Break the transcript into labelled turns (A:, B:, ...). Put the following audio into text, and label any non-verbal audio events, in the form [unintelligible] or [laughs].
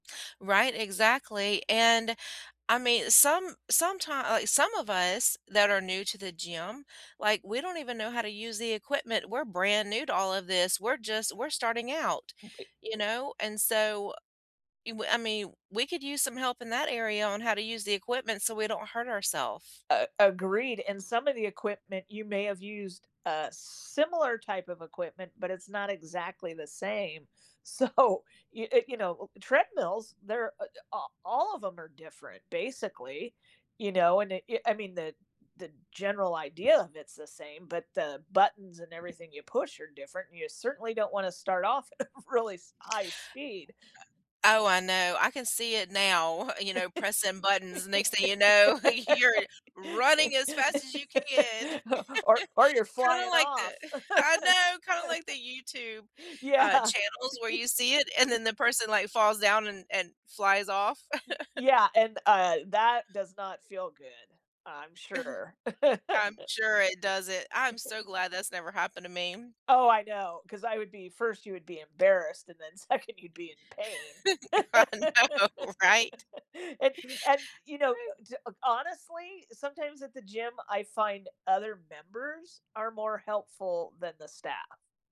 A: Right, exactly, and, I mean, some sometime like, some of us, that are new to the gym, like, we don't even know how to use the equipment. We're brand new to all of this, we're just we're starting out,
B: [unintelligible]
A: you know? And so, you I mean, we could use some help in that area, on how to use the equipment, so we don't hurt ourself.
B: A Agreed, and some of the equipment, you may have used uh, similar type of equipment, but it's not exactly the same, so, you eh, you know, eh eh, treadmills, they're, uh eh a all of 'em are different, basically, you know? And, i eh, I mean, the the general idea of it's the same, but the buttons and everything you push are different, and you certainly don't wanna start off of really s high speed.
A: Oh, I know. I can see it now, [chuckles] you know, pressing buttons, next thing you know, you're running as fast as you can.
B: [laughs]
A: [laughs]
B: O or or, you're
A: Kinda
B: flying
A: like the
B: off.
A: [chuckles]
B: [laughs]
A: I know! Kinda like the YouTube, uh,
B: Yeah.
A: channels, where you see it, and
B: [laughs]
A: then the person, like, falls down, and and flies off.
B: E
A: [chuckles]
B: yeah, and, uh, that does not feel good, I I'm
A: [chuckles]
B: sure. [laughs]
A: I'm sure it doesn't. I am so glad that's never happened to me.
B: Oh, I know, 'cause I would be 1st, you would be embarrassed, and then 2nd, you'd be in pain.
A: I
B: [laughs]
A: know, right?
B: And and, you know, uh, d uh, honestly, sometimes at the gym, I find other members are more helpful than the staff.